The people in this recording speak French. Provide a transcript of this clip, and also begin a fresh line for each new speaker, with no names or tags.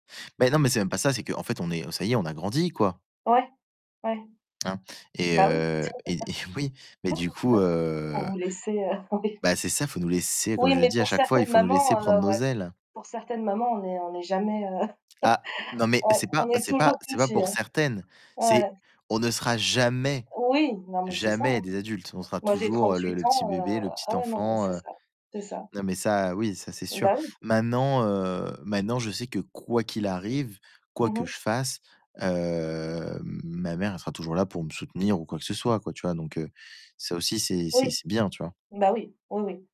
Mais non, c'est même pas ça, c'est qu'en fait, on est, heu, ça y est, on a grandi, quoi.
Ouais, ouais.
Hein et
Bah oui
heu et et oui, mais du coup,
donc faut
heu
vous laisser, heu, oui.
bah c'est ça, faut nous laisser, comme
Oui,
je
mais
dis à
pour
chaque fois: «Il
certaines
faut nous laisser
mamans,
prendre
heu,
nos
ouais.
ailes».
Pour certaines mamans, on n'est on n'est jamais, heu,
Ah, non, mais
ouais,
c'est
on
pas
est
c'est pas
toujours
c'est pas
petits
pour
hein.
certaines, c'est
Ouais.
on sera jamais,
Oui, non, mais c'est ça
jamais
hein.
des adultes, on sera
Moi, j'ai
toujours le
38
le petit
ans, heu,
bébé, le petit
ah ouais, non, mais
enfant,
c'est
heu,
ça c'est ça.
non, mais ça, oui, ça, c'est
Mmh
sûr.
bah oui.
Maintenant, heu, maintenant, je sais que quoi qu'il arrive, quoi
Mmh
que
mh.
je fasse, hem, ma mère sera toujours là pour me soutenir ou quoi que ce soit quoi, tu vois? Donc heu, ça aussi, c'est c'est
Oui,
c'est bien, tu vois?
mmh bah oui. Oui, oui.